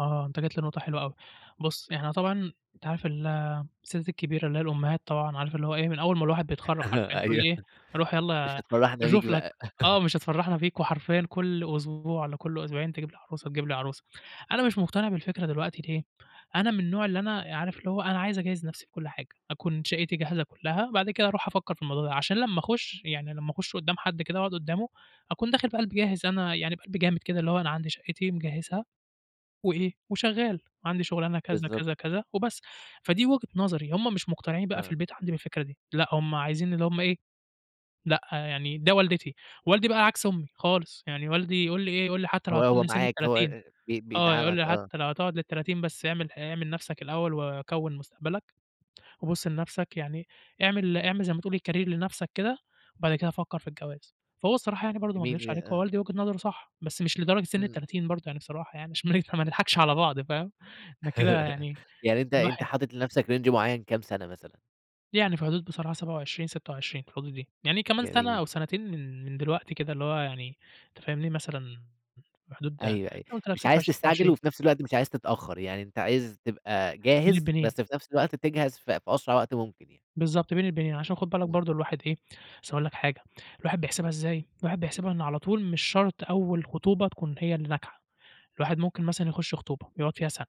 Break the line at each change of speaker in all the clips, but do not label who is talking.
آه، أنت جيت لنقطة حلوة أوي، بُص إحنا طبعًا أنت عارف الستات الكبيرة اللي هي الأمهات طبعًا، عارف اللي هو إيه من أول ما الواحد بيتخرّج حرفيًا،
أها
تقول
أيوه
لي إيه رُوح
مش
يالّا
هتفرّحنا بيك
تشوف لك
بقى.
آه، مش هتفرّحنا فيك، وحرفيًا كُلّ أسبوع والّا كُلّ أسبوعين تجيب لي عروسة، تجيب لي عروسة، أنا مش مقتنع بالفكرة دلوقتي ليه أنا من النوع اللي أنا عارف اللي هو أنا عايز أجهّز نَفْسي في كُلّ حاجة أكُون شقتي جاهزة كُلّها، بعد كده أرُوح أفكر في الموضوع ده عشان لمّا أخش يعني لمّا أخش قدّام حد كده وأقعد قدامه أكون داخل بقلب جاهز أنا يعني بقلب جامد كده اللي هو أنا عندي شقتي مجهزها، وإيه وشغال وعندي شغلانة كذا،
بالضبط.
كذا، كذا، وبس، فدي وجهة نظري هُم مش مقتنعين بقى في
آه.
البيت عندي بالفكرة دي، لأ هُم عايزين اللي هُم إيه لأ يعني ده والدتي. والدي بقى عكس أمي خالص يعني والدي يقول لي إيه يقول لي حتى لو
هو هو
هتكمّل سن
معاك
ال30
هو بي
آه، يقول
بيدَعمك
لي
آه.
حتى لو هتقعد لل30 بس اعمل ح اعمل نُفْسك الأول وكوّن مستقبلك وبُص لنَفْسك يعني اعمل اعمل زي ما تقول career لنَفْسك كده، وبعد كده فكّر في الجواز فهو الصراحة يعني برضه ما
جميل
اكدبش
ياه!
عليك هو
آه.
والدي وجهة نظره صح، بس مش لدرجة سن
إمم.
ال30 برضه يعني، بصراحة يعني عشان ما نضحكش على بعض فاهم؟ ده كده يعني
يعني أنت أنت
الواحد
حاطط لنَفْسك رينج معيّن كام سَنة مثلًا؟
يعني في حدود بصراحة 27، 26 في الحدود دي يعني كمان سَنة أو
جميل.
سنتين من من دلوقتي كده، اللي هو يعني أنت فاهمني؟ مثلًا في حدود زي ما
أيوه، أيوه،
قُلت لك
مش
ستة
عايز
وعشرين، سبعة
تستعجل
وعشرين
وفي نَفْس الوقت مش عايز تتأخر، يعني أنت عايز تبقى
بِين
جاهز
البينين.
بس في نفس الوقت تجهَز في في أسرع وقت ممكن يعني.
بالضبط، بِين البِنين عشان خد بالك
إمم.
برضه الواحد إيه أصل هاقول لك حاجة الواحد بيحسبها إزاي؟ الواحد بيحسبها إن على طُول مش شرط أول خطوبة تكُون هي اللي ناجحة، الواحد ممكن مثلًا يخش خطوبة يقعد فيها سَنة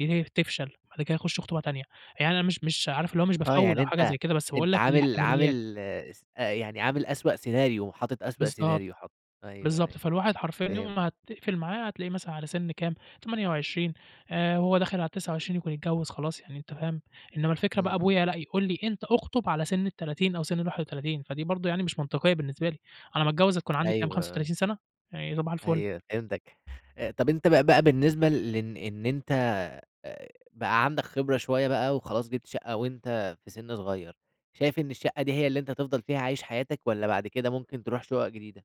ي تفشَل بعد كده يخش خطوبة تانية، يعني أنا مش مش عارف إن هو مش
آه،
بافوّل
يعني
أو حاجة
أنت
زي كده بس باقول
أنت
لك
عامل
الاحتماليات.
عامل اس يعني عامل أسوأ سيناريو، حاطط أسوأ
بالضبط
سيناريو حاطه أيوه، أيوه،
بالضبط فالواحد حرفيًا يوم
فهمت.
ما هتقْفل معاه هتلاقيه مثلًا على سِن كام 28 آآ، وهو داخل على ال29 يكُون اتجوز خلاص يعني أنت فاهم؟ إنما الفكرة
إمم،
بقى
إمم،
أبويا
[unintelligible]
لأ، يقول لي أنت أخطب على سِن ال30 أو سِن ال31 فدي برضه يعني مش منطقية بالنسبة لي، على ما اتجوز هتكُون عندي كام
أيوه.
خمسة
آه.
وتلاتين سَنة يعني صباح الفل.
أيوة فهمتك. أ طب أنت بقى بقى بالنسبة لإن إن أنت بقى عندك خبرة شوية بقى وخلاص جِبت شقة وأنت في سِن صغير، شايف إن الشقة دي هي اللي أنت تفضَل فيها عايش حياتك والّا بعد كده ممكن ترُوح شقق جديدة؟